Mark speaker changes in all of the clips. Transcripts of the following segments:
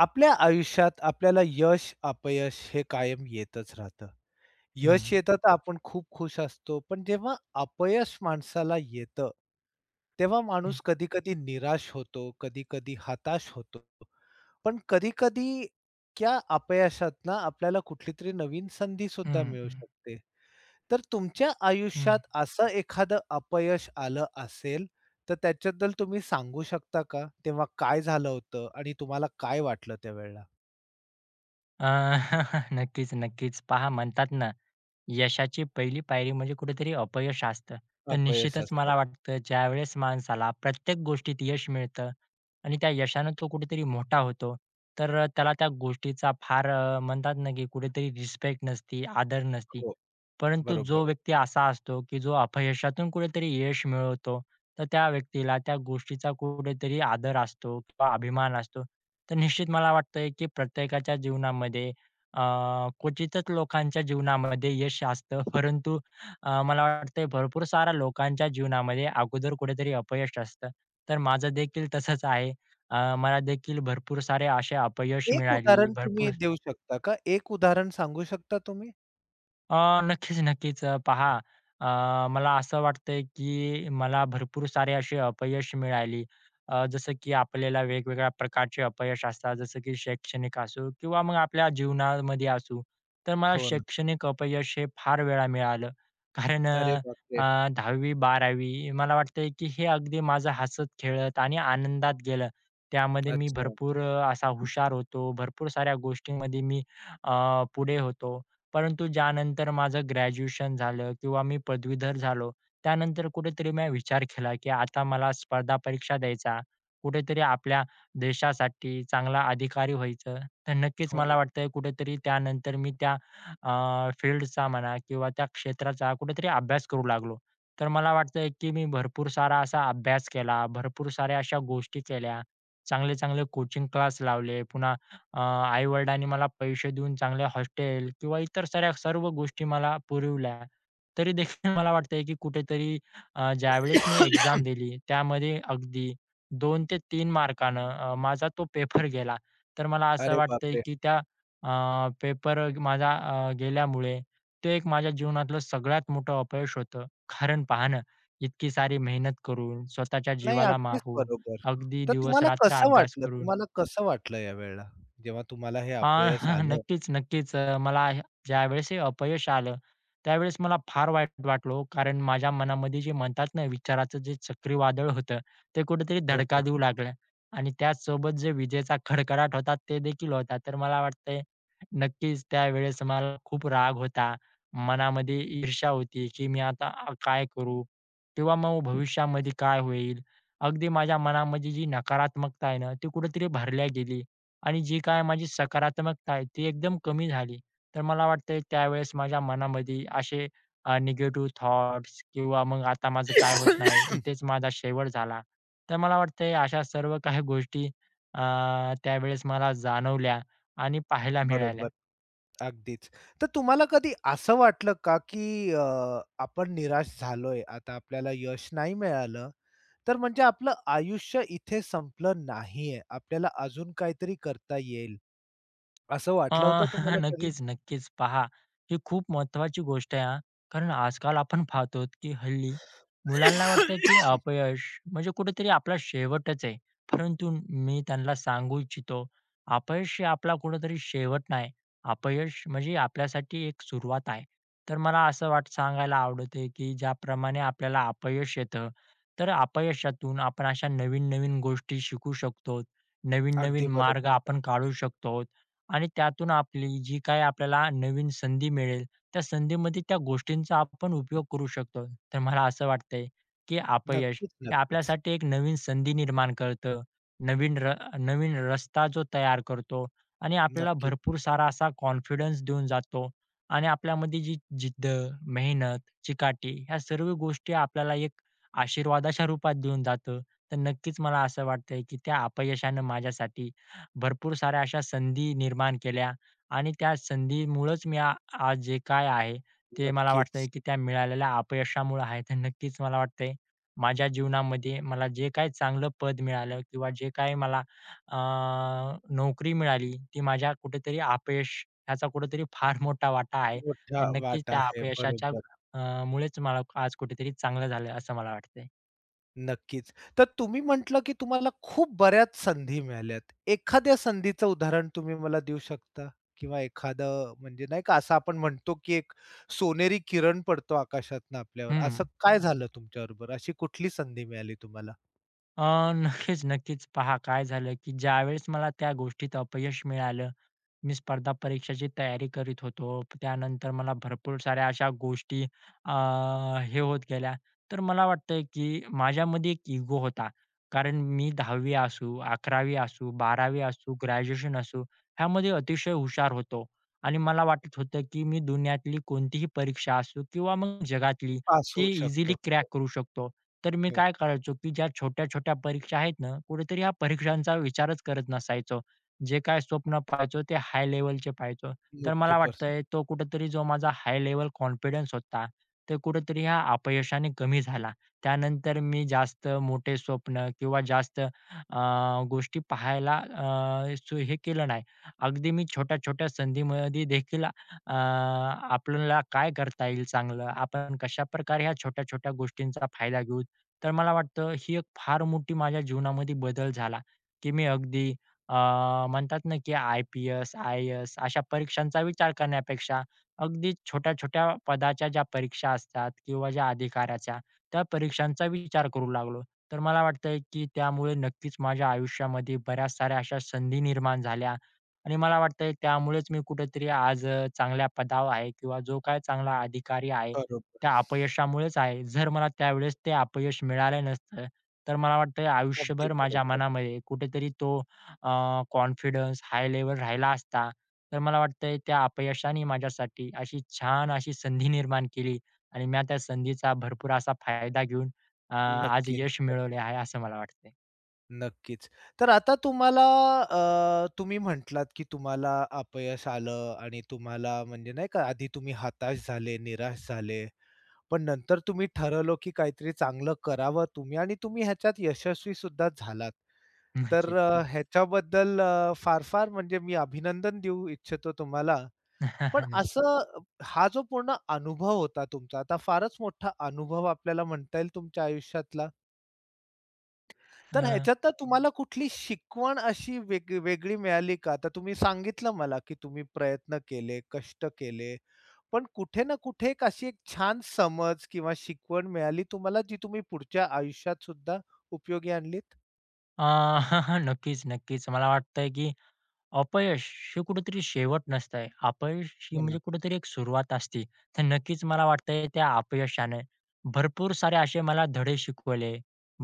Speaker 1: आपल्या आयुष्यात आपल्याला यश, अपयश हे कायम येतच राहतं.
Speaker 2: हं.
Speaker 1: यश येतं, तर आपण खूप खूश असतो, पण जेव्हा अपयश माणसाला येतं, तेव्हा
Speaker 2: हं.
Speaker 1: माणूस कधी-कधी निराश होतो, कधी-कधी हताश होतो. पण कधी-कधी त्या अपयशातून आपल्याला कुठलीतरी नवीन संधीसुद्धा
Speaker 2: हं,
Speaker 1: मिळू
Speaker 2: हं.
Speaker 1: शकते, तर तुमच्या
Speaker 2: हं.
Speaker 1: आयुष्यात असं एखादं अपयश आलं असेल, तर त्याच्याबद्दल तुम्ही सांगू शकता का, तेव्हा काय झालं होतं आणि तुम्हाला काय वाटलं त्यावेळेला?
Speaker 2: अ, नक्कीच-नक्कीच. पहा, म्हणतात ना, यशाची पहिली पायरी म्हणजे कुठेतरी अपयश असतं. तर
Speaker 1: अपयश
Speaker 2: निश्चितच
Speaker 1: असतं.
Speaker 2: मला वाटतं, ज्यावेळेस माणसाला प्रत्येक गोष्टीत यश मिळतं आणि त्या यशाने तो कुठेतरी मोठा होतो, तर अ, त्याला त्या गोष्टीचा फार अ, म्हणतात ना, की कुठेतरी रिस्पेक्ट नसती, आदर नसती.
Speaker 1: हो,
Speaker 2: परंतु जो
Speaker 1: बरोबर.
Speaker 2: व्यक्ती असा असतो, की जो अपयशातून कुठेतरी यश मिळवतो, तर त्या व्यक्तीला त्या गोष्टीचा कुठेतरी आदर असतो किंवा अभिमान असतो. तर निश्चित मला वाटतंय, की प्रत्येकाच्या जीवनामध्ये अ, क्वचितच लोकांच्या जीवनामध्ये यश असतं, परंतु अ, मला वाटतंय भरपूर साऱ्या लोकांच्या जीवनामध्ये अगोदर कुठेतरी अपयश असतं, तर माझं देखील तसंच आहे. अ, मलादेखील भरपूर सारे असे अपयश
Speaker 1: एक
Speaker 2: मिळाली,
Speaker 1: उदाहरण
Speaker 2: भरपूर
Speaker 1: तुम्ही देऊ शकता का? एक उदाहरण सांगू शकता तुम्ही?
Speaker 2: अ, नक्कीच-नक्कीच. अ, पहा,
Speaker 1: [unintelligible]
Speaker 2: अ, मला असं वाटतं आहे, की मला भरपूर सारे असे अपयश मिळाली. अ, जसं की आपल्याला वेगवेगळ्या प्रकारचे अपयश असतात. जसं की शैक्षणिक असो, किंवा मग आपल्या जीवनामध्ये असू. तर मला
Speaker 1: हो ना.
Speaker 2: शैक्षणिक अपयश हे फार वेळा मिळालं, कारण
Speaker 1: अरे
Speaker 2: अ अ,
Speaker 1: बापरे!
Speaker 2: 10वी 12वी मला वाटतं आहे, की हे अगदी माझं हसत, खेळत आणि आनंदात गेलं. त्यामध्ये मी
Speaker 1: अच्छा.
Speaker 2: भरपूर अ, असा हुशार होतो, भरपूर साऱ्या गोष्टींमध्ये मी अ, पुढे होतो. परंतु ज्यानंतर माझं ग्रॅज्युएशन झालं, किंवा मी पदवीधर झालो. त्यानंतर कुठेतरी मी विचार केला, की आता मला स्पर्धा परीक्षा द्यायचा. कुठेतरी आपल्या देशासाठी चांगला अधिकारी व्हायचं. तर नक्कीच
Speaker 1: हो
Speaker 2: मला
Speaker 1: ना.
Speaker 2: वाटतं आहे, कुठेतरी त्यानंतर मी त्या अ, फील्डचा म्हणा, किंवा त्या क्षेत्राचा कुठेतरी अभ्यास करू लागलो. तर मला वाटतं आहे, की मी भरपूर सारा असा अभ्यास केला, भरपूर साऱ्या अशा गोष्टी केल्या. चांगले-चांगले कोचिंग क्लास लावले. पुन्हा अ, आई-वडिलांनी मला पैसे देऊन चांगले हॉस्टेल, किंवा इतर साऱ्या सर्व गोष्टी मला पुरविल्या. तरीदेखील मला वाटतं आहे, की कुठेतरी अ, ज्यावेळेस मी एक्झाम दिली, त्यामध्ये अगदी, 2 ते 3 मार्काने अ, माझा तो पेपर गेला. तर मला असं
Speaker 1: अरे
Speaker 2: वाटतं आहे,
Speaker 1: बापरे!
Speaker 2: की त्या अ, पेपर माझा अ, गेल्यामुळे, ते एक माझ्या जीवनातलं सगळ्यात मोठं अपयश होतं. कारण पहा ना, इतकी सारी मेहनत करून, स्वतःच्या
Speaker 1: नाही,
Speaker 2: जीवाला
Speaker 1: अगदीच
Speaker 2: मारून,
Speaker 1: बरोबर.
Speaker 2: अगदी
Speaker 1: तर तुम्हाला
Speaker 2: दिवसरात्र
Speaker 1: कसं
Speaker 2: अभ्यास
Speaker 1: वाटलं
Speaker 2: करून
Speaker 1: तुम्हाला कसं वाटलं यावेळेला, जेव्हा तुम्हाला हे
Speaker 2: अ,
Speaker 1: अपयश आलं?
Speaker 2: नक्कीच-नक्कीच. अ, मला हे ज्यावेळेस हे अपयश आलं. त्यावेळेस मला फार वाईट वाटलं हो, कारण माझ्या मनामध्ये जे म्हणतात ना, विचाराचं जे चक्रीवादळ होतं, ते कुठेतरी धडका
Speaker 1: होतं.
Speaker 2: देऊ लागलं. आणि त्याचसोबत जे विजेचा कडकडाट होता, तेदेखील होता. तर मला वाटतं आहे, नक्कीच त्यावेळेस मला खूप राग होता. मनामध्ये ईर्षा होती, की मी आता अ, काय करू, किंवा मग भविष्यामध्ये काय होईल. अगदी माझ्या मनामध्ये जी नकारात्मकता आहे ना, ती कुठेतरी भरल्या गेली आणि जी काय माझी सकारात्मकता आहे, ती एकदम कमी झाली. तर मला वाटतं आहे त्यावेळेस माझ्या मनामध्ये असे अ, निगेटिव्ह थॉट्स, किंवा मग आता माझं काय होत नाही, इथेच माझा शेवट झाला. तर मला वाटतं आहे अशा सर्व काही गोष्टी अ, त्यावेळेस मला जाणवल्या आणि पाहायला मिळाल्या.
Speaker 1: बरोबर, अगदीच. तर तुम्हाला कधी असं वाटलं का, की अ, आपण निराश झालोय. आता आपल्याला यश नाही मिळालं, तर म्हणजे आपलं आयुष्य इथे संपलं नाहीये. आपल्याला अजून काहीतरी करता येईल. असं
Speaker 2: अ,
Speaker 1: वाटलं होतं तुम्हाला कधी?
Speaker 2: नक्कीच-नक्कीच पहा. ही खूप महत्वाची गोष्ट आहे हां. कारण आजकाल आपण पाहतो, की हल्ली मुलांना वाटतं, की अपयश म्हणजे कुठेतरी आपला शेवटच आहे. परंतु मी त्यांना सांगू इच्छितो, अपयश हे आपला कुठेतरी शेवट नाही, अपयश म्हणजे आपल्यासाठी एक सुरुवात आहे. तर मला असं वाट सांगायला आवडते, की ज्याप्रमाणे आपल्याला अपयश येतं, तर अपयशातून आपण अशा नवीन-नवीन गोष्टी शिकू शकतो.
Speaker 1: अगदी
Speaker 2: नवीन-नवीन
Speaker 1: बरोब
Speaker 2: मार्ग आपण काढू शकतो आणि त्यातून आपली जी काही आपल्याला नवीन संधी मिळेल, त्या संधीमध्ये त्या गोष्टींचा आपण उपयोग करू शकतो. तर मला असं वाटतं आहे, की अपयश हे
Speaker 1: नक्कीच-नक्कीच.
Speaker 2: आपल्यासाठी एक नवीन संधी निर्माण करतो. नवीन र नवीन रस्ता जो तयार करतो आणि आपल्याला
Speaker 1: नक्की.
Speaker 2: भरपूर सारा असा कॉन्फिडन्स देऊन जातो. आणि आपल्याला जी जिद्द, मेहनत, चिकाटी, या सर्व गोष्टी आपल्याला एक आशीर्वादाच्या रूपात देऊन जातं. तर नक्कीच, मला असं वाटतं आहे, की त्या अपयशानं माझ्यासाठी भरपूर साऱ्या अशा संधी निर्माण केल्या आणि त्या संधीमुळंच मी आ आज जे काही आहे, ते मला वाटतं
Speaker 1: नक्कीच.
Speaker 2: आहे, की त्या मिळालेल्या अपयशामुळं आहे. तर नक्कीच मला वाटतं आहे, माझ्या जीवनामध्ये मला जे काही चांगलं पद मिळालं, किंवा जे काही मला अ, नोकरी मिळाली, ती माझ्या कुठेतरी अपयश, ह्याचा कुठेतरी फार मोठा वाटा आहे.
Speaker 1: मोठा
Speaker 2: आणि नक्कीच
Speaker 1: वाटा
Speaker 2: त्या
Speaker 1: आहे,
Speaker 2: अपयशाच्या
Speaker 1: बरोबर.
Speaker 2: अ, मुळेच मला आज कुठेतरी चांगलं झालं आहे, असं मला वाटतं आहे.
Speaker 1: नक्कीच. तर तुम्ही म्हटलं, की तुम्हाला खूप बऱ्याच संधी मिळाल्यात. एखाद्या संधीचं उदाहरण तुम्ही मला देऊ शकता किंवा एखादं अ, म्हणजे नाही का असं आपण म्हणतो, की एक सोनेरी किरण पडतो आकाशातून आपल्यावर,
Speaker 2: हं.
Speaker 1: असं काय झालं तुमच्याबरोबर, अशी कुठली संधी मिळाली तुम्हाला?
Speaker 2: अ, नक्कीच-नक्कीच. पहा काय झालं, की ज्यावेळेस मला त्या गोष्टीत अपयश मिळालं, मी स्पर्धा परीक्षेची तयारी करीत होतो. त्यानंतर मला भरपूर साऱ्या अशा गोष्टी अ, हे होत गेल्या. तर मला वाटतंय, की माझ्यामध्ये एक इगो होता कारण मी 10वी असू, 11वी असू, 12वी असू, ग्रॅज्युएशन असू. ह्यामध्ये अतिशय हुशार होतो आणि मला वाटत होतं, की मी दुनियातली कोणतीही परीक्षा असू किंवा मग जगातली,
Speaker 1: पास
Speaker 2: ती
Speaker 1: होऊ
Speaker 2: इझिली
Speaker 1: शकतो.
Speaker 2: क्रॅक करू शकतो. तर मी
Speaker 1: हो.
Speaker 2: काय करायचो, की ज्या छोट्या-छोट्या परीक्षा आहेत ना, कुठेतरी या परीक्षांचा विचारच करत नसायचो. जे काय स्वप्न पहायचो, ते हाय लेव्हलचे पहायचो. तर
Speaker 1: मोठे
Speaker 2: मला
Speaker 1: पर्स.
Speaker 2: वाटतंय, तो कुठेतरी जो माझा हाय लेव्हल कॉन्फिडन्स होता, ते कुठेतरी या अपयशाने कमी झाला. त्यानंतर मी जास्त मोठे स्वप्न किंवा जास्त अ, गोष्टी पाहायला अ, स हे केलं नाही. अगदी मी छोट्या-छोट्या संधीमध्ये देखील अ, आपल्याला काय करता येईल चांगलं, आपण कशाप्रकारे ह्या छोट्या-छोट्या गोष्टींचा फायदा घेऊ, तर मला वाटतं ही एक फार मोठी माझ्या जीवनामध्ये बदल झाला, की मी अगदी अ, म्हणतात ना, की आय-पी-एस, आय-ए-एस अशा परीक्षांचा विचार करण्यापेक्षा अगदी छोट्या-छोट्या पदाच्या ज्या परीक्षा असतात किंवा ज्या अधिकाराच्या, त्या परीक्षांचा विचार करू लागलो. तर मला वाटतंय, की त्यामुळे नक्कीच माझ्या आयुष्यामध्ये बऱ्याच साऱ्या अशा संधी निर्माण झाल्या आणि मला वाटतंय त्यामुळेच मी कुठेतरी आज अ, चांगल्या पदावर आहे किंवा जो काही चांगला अधिकारी आहे,
Speaker 1: बरोबर.
Speaker 2: त्या अपयशामुळेच आहे. जर मला त्यावेळेस ते अपयश मिळालं नसतं, तर मला वाटतंय
Speaker 1: अगदी
Speaker 2: आयुष्यभर माझ्या
Speaker 1: बरोबर.
Speaker 2: मनामध्ये कुठेतरी तो अ, कॉन्फिडन्स हाय लेव्हल राहिला असता, तर मला वाटतंय त्या अपयशाने माझ्यासाठी अशी छान अशी संधी निर्माण केली आणि मी त्या संधीचा भरपूर असा फायदा घेऊन अ, आज
Speaker 1: नक्कीच.
Speaker 2: यश मिळवले आहे, असं मला वाटतंय.
Speaker 1: नक्कीच. तर आता तुम्हाला अ, तुम्ही म्हटलात की तुम्हाला अपयश आलं आणि तुम्हाला म्हणजे नाही का आधी तुम्ही हताश झाले, निराश झाले. पण नंतर तुम्ही ठरवलं की काहीतरी चांगलं करावं तुम्ही आणि तुम्ही ह्याच्यात यशस्वीसुद्धा झालात.
Speaker 2: नक्कीच.
Speaker 1: तर अ, ह्याच्याबद्दल अ, फार-फार म्हणजे मी अभिनंदन देऊ इच्छितो तुम्हाला, पण
Speaker 2: नक्की.
Speaker 1: असं हा जो पूर्ण अनुभव होता तुमचा, आता फारच मोठा अनुभव आपल्याला म्हणता येईल तुमच्या आयुष्यातला? तर
Speaker 2: हं.
Speaker 1: ह्याच्यातनं तुम्हाला कुठली शिकवण अशी वेग वेगळी मिळाली का, आता तुम्ही सांगितलं मला, की तुम्ही प्रयत्न केले, कष्ट केले, पण कुठे ना कुठे एक अशी एक छान समज किंवा शिकवण मिळाली तुम्हाला जी तुम्ही पुढच्या आयुष्यातसुद्धा उपयोगी आणलीत?
Speaker 2: अ, नक्कीच-नक्कीच. मला वाटतंय की अपयश हे कुठेतरी शेवट नसतंय. अपयश ही
Speaker 1: हो ना.
Speaker 2: म्हणजे कुठेतरी एक सुरुवात असते. तर नक्कीच मला वाटतंय, त्या अपयशाने भरपूर सारे असे मला धडे शिकवले,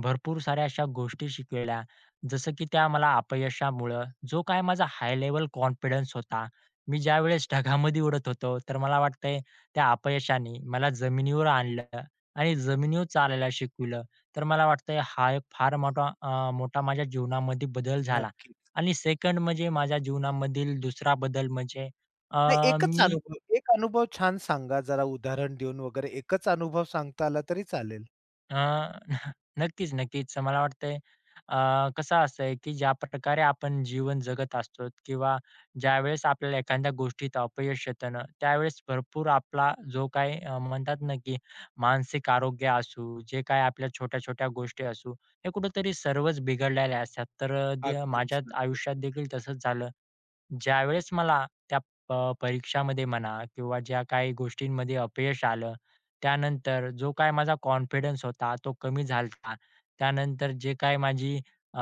Speaker 2: भरपूर साऱ्या अशा गोष्टी शिकवल्या. जसं की त्या मला अपयशामुळं जो काही माझा हाय लेव्हल कॉन्फिडन्स होता, मी ज्यावेळेस ढगामध्ये उडत होतो, तर मला वाटतंय, त्या अपयशाने मला जमिनीवर आणलं आणि जमिनीवर चालायला शिकवलं. तर मला वाटतंय हा एक फार मोठा अ, मोठा माझ्या जीवनामध्ये बदल झाला
Speaker 1: नक्कीच.
Speaker 2: आणि सेकंड म्हणजे माझ्या जीवनामधील दुसरा बदल म्हणजे अ,
Speaker 1: नाही, एकच
Speaker 2: मी
Speaker 1: अनुभव. एक अनुभव छान सांगा जरा उदाहरण देऊन वगैरे. एकच अनुभव सांगता आला तरी चालेल.
Speaker 2: अ, नक्कीच-नक्कीच. मला वाटतंय, अ, कसं असतंय की ज्या प प्रकारे आपण जीवन जगत असतो किंवा ज्यावेळेस आपल्याला एखाद्या गोष्टीत अपयश येतं ना, त्यावेळेस भरपूर आपला जो काही अ, म्हणतात ना, की मानसिक आरोग्य असू, जे काही आपल्या छोट्या-छोट्या गोष्टी असू, हे कुठेतरी सर्वच बिघडलेले असतात. तर द
Speaker 1: अगदीच.
Speaker 2: माझ्याच
Speaker 1: नक्कीच.
Speaker 2: आयुष्यातदेखील तसंच झालं. ज्यावेळेस मला त्या प परीक्षामध्ये म्हणा किंवा ज्या काही गोष्टींमध्ये अपयश आलं. त्यानंतर जो काही माझा कॉन्फिडन्स होता, तो कमी झाला होता. त्यानंतर जे काही माझी अ,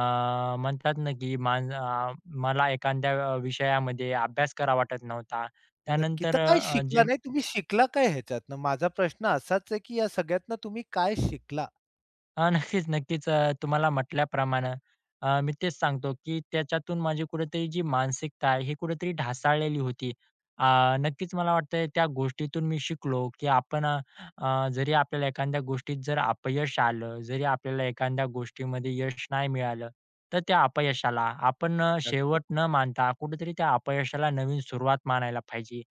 Speaker 2: म्हणतात ना, की माझा अ, मला एखाद्या विषयामध्ये अभ्यास करावा वाटत नव्हता.
Speaker 1: नक्की,
Speaker 2: त्यानंतर
Speaker 1: तर काही
Speaker 2: अ, जे
Speaker 1: शिकला नाही, तुम्ही शिकला काय ह्याच्यातनं? माझा प्रश्न असाच आहे की या सगळ्यातनं तुम्ही काय शिकला?
Speaker 2: अ, नक्कीच-नक्कीच. अ, तुम्हाला म्हटल्याप्रमाणे अ, मी तेच सांगतो, की त्याच्यातून माझी कुठेतरी जी मानसिकता आहे, ही कुठेतरी ढासाळलेली होती. अ, नक्कीच मला वाटतंय त्या गोष्टीतून मी शिकलो, की आपण अ, अ, जरी आपल्याला एखाद्या गोष्टीत जर अपयश आलं, जरी आपल्याला एखाद्या गोष्टीमध्ये यश नाही मिळालं. तर त्या अपयशाला आपण अ,
Speaker 1: नक्कीच.
Speaker 2: शेवट न मानता, कुठेतरी त्या अपयशाला नवीन सुरुवात मानायला पाहिजे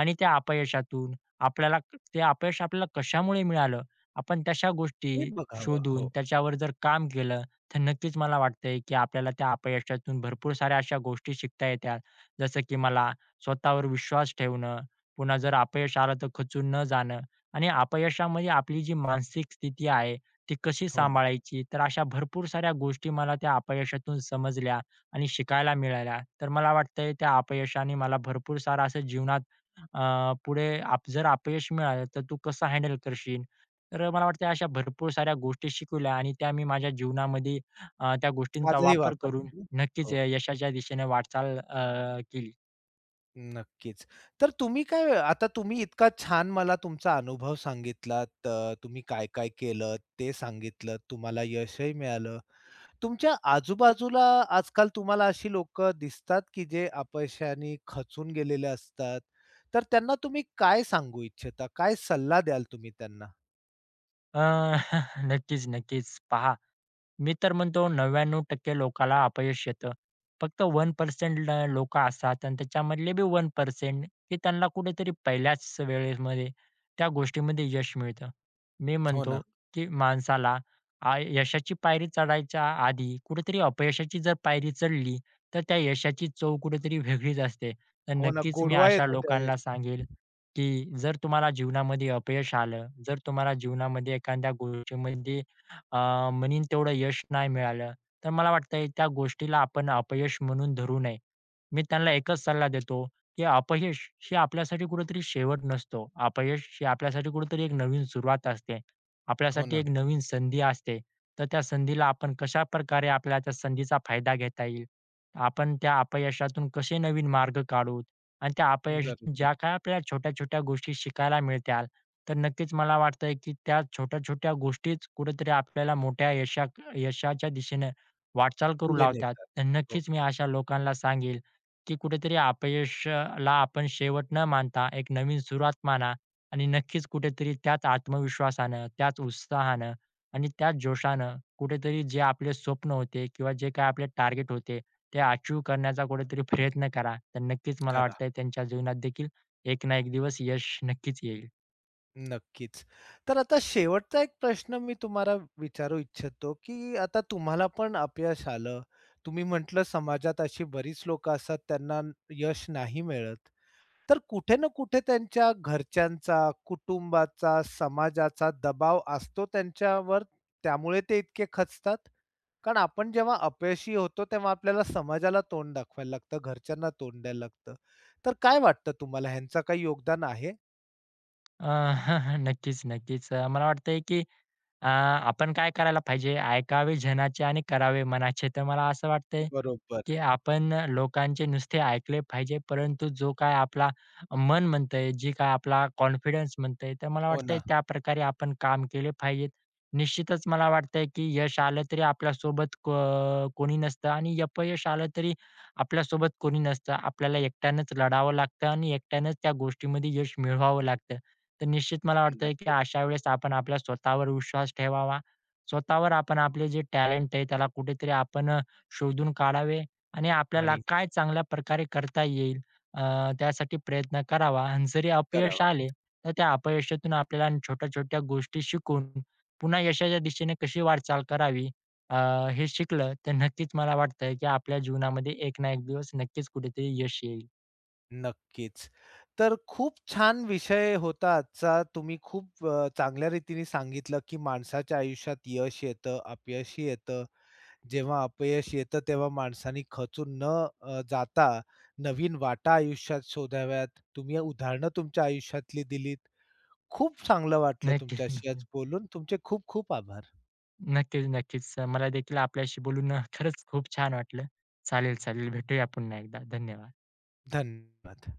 Speaker 2: आणि त्या अपयशातून आपल्याला ते अपयश आपल्याला कशामुळे मिळालं, आपण तशा
Speaker 1: हे
Speaker 2: गोष्टी
Speaker 1: बघावं.
Speaker 2: शोधून
Speaker 1: हो.
Speaker 2: त्याच्यावर जर काम केलं, तर नक्कीच मला वाटतंय की आपल्याला त्या अपयशातून भरपूर साऱ्या अशा गोष्टी शिकता येतात. जसं की मला स्वतःवर विश्वास ठेवणं, पुन्हा जर अपयश आलं, तर खचून न जाणं आणि अपयशामध्ये आपली जी मानसिक स्थिती आहे, ती कशी
Speaker 1: हो ना.
Speaker 2: सांभाळायची? तर अशा भरपूर साऱ्या गोष्टी मला त्या अपयशातून समजल्या आणि शिकायला मिळाल्या. तर मला वाटतंय त्या अपयशाने मला भरपूर सारं असं जीवनात अ, पुढे जर अपयश मिळालं, तर तू कसं हँडल करशील? तर अ, मला वाटतंय अशा भरपूर साऱ्या गोष्टी शिकवल्या आणि त्या मी माझ्या जीवनामध्ये अ, त्या गोष्टींचा
Speaker 1: आजही
Speaker 2: वापर
Speaker 1: वापरता
Speaker 2: करून
Speaker 1: तुम्ही.
Speaker 2: नक्कीच
Speaker 1: हो.
Speaker 2: यशाच्या दिशेने वाटचाल अ, केली.
Speaker 1: नक्कीच, तर तुम्ही काय अ, आता तुम्ही इतका छान मला तुमचा अनुभव सांगितलात. अ, तुम्ही काय-काय केलंत, ते सांगितलंत. तुम्हाला यशही मिळालं, तुमच्या आजूबाजूला आजकाल तुम्हाला अशी लोक दिसतात, की जे अपयशाने खचून गेलेले असतात. तर त्यांना तुम्ही काय सांगू इच्छिता, काय सल्ला द्याल तुम्ही त्यांना?
Speaker 2: अ, नक्कीच नक्कीच. पहा, मी तर म्हणतो 99% लोकाला अपयश येतं. फक्त 1% ल लोकं असतात आणि त्याच्यामधले बी 1% की त्यांना कुठेतरी पहिल्याच वेळेमध्ये, त्या गोष्टीमध्ये यश मिळतं. मी
Speaker 1: हो
Speaker 2: म्हणतो
Speaker 1: ना.
Speaker 2: की माणसाला आय यशाची पायरी चढायच्या आधी, कुठेतरी अपयशाची जर पायरी चढली, तर त्या यशाची चव कुठेतरी वेगळीच असते. तर
Speaker 1: हो ना,
Speaker 2: नक्कीच मी
Speaker 1: गोडवा
Speaker 2: अशा
Speaker 1: येतो त्या
Speaker 2: लोकांना
Speaker 1: यशात.
Speaker 2: सांगेन, की जर तुम्हाला जीवनामध्ये अपयश आलं, जर तुम्हाला जीवनामध्ये एखाद्या गोष्टीमध्ये अ, म्हणीन तेवढं यश नाही मिळालं. तर मला वाटतंय त्या गोष्टीला आपण अपयश म्हणून धरू नये. मी त्यांना एकच सल्ला देतो, की अपयश हे आपल्यासाठी कुठेतरी शेवट नसतो. अपयश ही आपल्यासाठी कुठेतरी एक नवीन सुरुवात असते.
Speaker 1: हो
Speaker 2: आपल्यासाठी
Speaker 1: ना.
Speaker 2: एक नवीन संधी असते. तर त्या संधीला आपण कशाप्रकारे आपल्याला त्या संधीचा फायदा घेता येईल. आपण त्या अपयशातून कसे नवीन मार्ग काढूत आणि त्या अपयशातून
Speaker 1: [unintelligible]
Speaker 2: ज्या काही आपल्याला छोट्या-छोट्या गोष्टी शिकायला मिळतील. तर नक्कीच मला वाटतंय की त्या छोट्या-छोट्या गोष्टीच कुठेतरी आपल्याला मोठ्या यशात यशाच्या दिशेने वाटचाल करू
Speaker 1: पुढे
Speaker 2: लावतात.
Speaker 1: नेतात.
Speaker 2: तर
Speaker 1: हो.
Speaker 2: नक्कीच मी अशा लोकांना सांगेल की कुठेतरी अपयश अ, ला, आपण शेवट न मानता एक नवीन सुरुवात माना आणि नक्कीच कुठेतरी त्याच आत्मविश्वासानं, त्याच उत्साहानं, आणि त्याच जोशानं, कुठेतरी जे आपले स्वप्न होते किंवा जे काही आपले टार्गेट होते, ते अचीव्ह करण्याचा कुठेतरी प्रयत्न करा. तर नक्कीच मला
Speaker 1: करा.
Speaker 2: वाटतंय, त्यांच्या जीवनात देखील एक ना एक दिवस यश नक्कीच येईल.
Speaker 1: नक्कीच. तर आता शेवटचा एक प्रश्न मी तुम्हाला विचारू इच्छितो की अ, आता तुम्हाला पण अपयश आलं, तुम्ही म्हटलं समाजात अशी बरीच लोकं असतात त्यांना यश नाही मिळत. तर कुठे ना कुठे त्यांच्या घरच्यांचा, कुटुंबाचा, समाजाचा दबाव असतो त्यांच्यावर, त्यामुळे ते इतके खचतात? कारण आपण जेव्हा अपयशी होतो. तेव्हा आपल्याला समाजाला तोंड दाखवायला लागतं, घरच्यांना तोंड द्यायला लागतं. तर काय वाटतं तुम्हाला ह्यांचा काही योगदान आहे?
Speaker 2: अ, नक्कीच-नक्कीच. अ, मला वाटतंय की अ, आपण काय करायला पाहिजे, "ऐकावे जनाचे आणि करावे मनाचे." तर मला असं वाटतंय
Speaker 1: बरोबर.
Speaker 2: की आपण अ, लोकांचे नुसते ऐकले पाहिजे. परंतु जो काही आपला मन म्हणतंय जी काय आपला कॉन्फिडन्स म्हणतंय? तर मला
Speaker 1: हो
Speaker 2: वाटतंय
Speaker 1: ना.
Speaker 2: त्याप्रकारे आपण काम केले पाहिजेत. निश्चितच मला वाटतंय की यश आलं तरी आपल्यासोबत क कोणी नसतं आणि अपयश आलं तरी आपल्यासोबत कोणी नसतं. आपल्याला एकट्यानेच लढावं लागतं आणि एकट्यानेच त्या गोष्टीमध्ये यश मिळवावं लागतं. तर निश्चित मला वाटतं की
Speaker 1: नक्कीच.
Speaker 2: अशावेळेस आपण आपल्या, स्वतःवर विश्वास ठेवावा. स्वतःवर आपण आपले जे टॅलेंट आहे, त्याला कुठेतरी आपण अ, शोधून काढावे आणि आपल्याला
Speaker 1: आणि
Speaker 2: काय चांगल्याप्रकारे करता येईल अ, त्यासाठी प्रयत्न करावा. अन जरी अपयश आले
Speaker 1: करावाचं.
Speaker 2: तर त्या अपयशातून आपल्याला छोट्या-छोट्या गोष्टी शिकून पुन्हा यशाच्या दिशेने कशी वाटचाल करावी. अ, हे शिकलं तर नक्कीच मला वाटतंय की आपल्या जीवनामध्ये एक ना एक दिवस नक्कीच कुठेतरी यश येईल.
Speaker 1: नक्कीच. तर खूप छान विषय होता आजचा. तुम्ही खूप अ, चांगल्या रीतीने सांगितलं की माणसाच्या आयुष्यात यश येतं, अपयशही येतं. जेव्हा अपयश येतं तेव्हा माणसाने खचून न अ, जाता नवीन वाटा आयुष्यात शोधाव्यात. तुम्ही उदाहरण तुमच्या आयुष्यातली दिलीत. खूप चांगलं वाटलं
Speaker 2: नक्कीच.
Speaker 1: तुमच्याशी आज बोलून. तुमचे खूप खूप आभार!
Speaker 2: नक्कीच-नक्कीच. अ, मला देखील आपल्याशी बोलून अ, खरंच खूप छान वाटलं. चालेल-चालेल भेटूया. पुन्हा एकदा धन्यवाद!
Speaker 1: धन्यवाद!